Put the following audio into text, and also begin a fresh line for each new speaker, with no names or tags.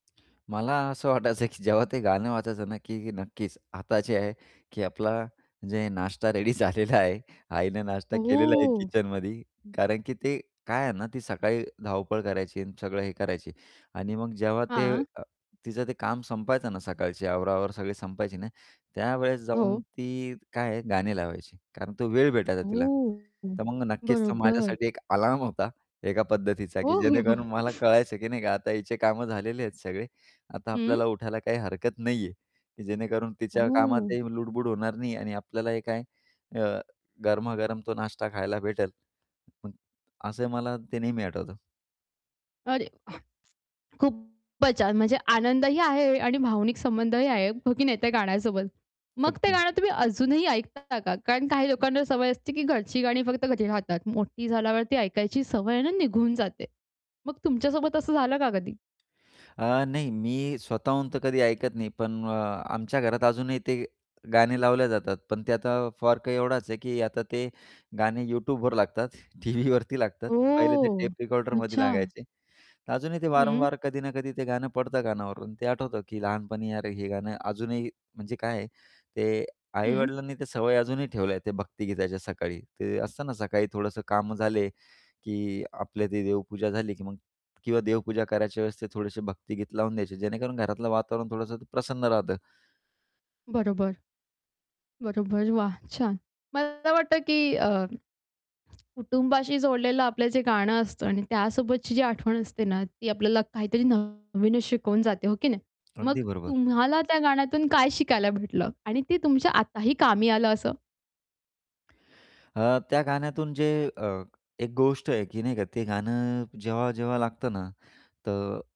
मला असं वाटायचं, की जेव्हा ते गाणं वाजायचं ना, की नक्कीच, आता जे आहे, की आपला म्हणजे नाश्ता रेडी झालेला आहे. आईने नाश्ता केलेला आहे
हो.
किचनमध्ये कारण की ते काय आहे ना, ती सकाळी धावपळ करायची आणि सगळं हे करायची. आणि मग जेव्हा ते
हां.
अ, तिचं ते काम संपायचं ना, सकाळची आवरावावर सगळी संपायची ना, त्यावेळेस जाऊन
हो.
ती काय आहे गाणे लावायची. कारण तो वेळ भेटायचा तिला.
हो, हो.
तर मग नक्कीच तर
बरोबर.
माझ्यासाठी एक अलार्म होता एका पद्धतीचा,
हो,
की
हो, हो.
जेणेकरून मला कळायचं, की नाही का आता हिचे कामं झालेले आहेत सगळे, आता
हं.
आपल्याला उठायला काही हरकत नाही आहे, की जेणेकरून तिच्या
ओह.
कामातही लुडबुड होणार नाही आणि आपल्यालाही काय अ, गरमागरम तो नाश्ता खायला भेटेल. पण असं मला ते नेहमी आठवतं.
अरे, वाह! खूपच छान! म्हणजे आनंदही आहे आणि भावनिक संबंधही आहे, हो की नाही त्या गाण्यासोबत? मग ते
अगदी.
गाणं तुम्ही अजूनही ऐकता का? कारण काही लोकांना सवय असते, की घरची गाणी फक्त घरी राहतात. मोठी झाल्यावरती ऐकायची सवय आहे ना, निघून जाते. मग तुमच्या सोबत असं झालं का कधी?
अ, नाही. मी स्वतःहून तर कधी ऐकत नाही, पण अ, आमच्या घरात अजूनही ते गाणे लावल्या जातात. पण ते आता फरक एवढाच आहे, की आता ते गाणे YouTubeवर लागतात, टीव्हीवरती लागतात. पहिले ते
ओह!
टेप रेकॉर्डरमध्ये
अच्छा.
लागायचे. अजूनही ते
हं.
वारंवार कधी ना कधी ते गाणं पडतं कानावरून ते आठवतं, की लहानपणी अरे, हे गाणं अजूनही म्हणजे काय आहे ते
हं.
आई-वडिलांनी त्या सवय अजूनही ठेवल्या आहे, ते भक्तिगीताच्या सकाळी. ते असतं ना, सकाळी थोडंसं कामं झाले, की आपली ती देवपूजा झाली, की मग किंवा देवपूजा करायच्या वेळेस ते थोडेसे भक्तीगीत लावून द्यायचे, जेणेकरून घरातलं वातावरण थोडंसं ते प्रसन्न राहतं.
बरोबर, बरोबर. वाह! छान. मला वाटतं, की अ कुटुंबाशी जोडलेलं आपलं जे गाणं असतं आणि त्यासोबतची जी आठवण असते ना, ती आपल्याला काहीतरी नवीनच शिकवून जाते हो की नाही? मग
अगदी बरोबर.
तुम्हाला त्या गाण्यातून काय शिकायला भेटलं आणि ते तुमच्या आताही कामी आलं असं.
अ, त्या गाण्यातून जे अ, एक गोष्ट आहे, की नाही का, ते गाणं जेव्हा-जेव्हा लागतं ना, त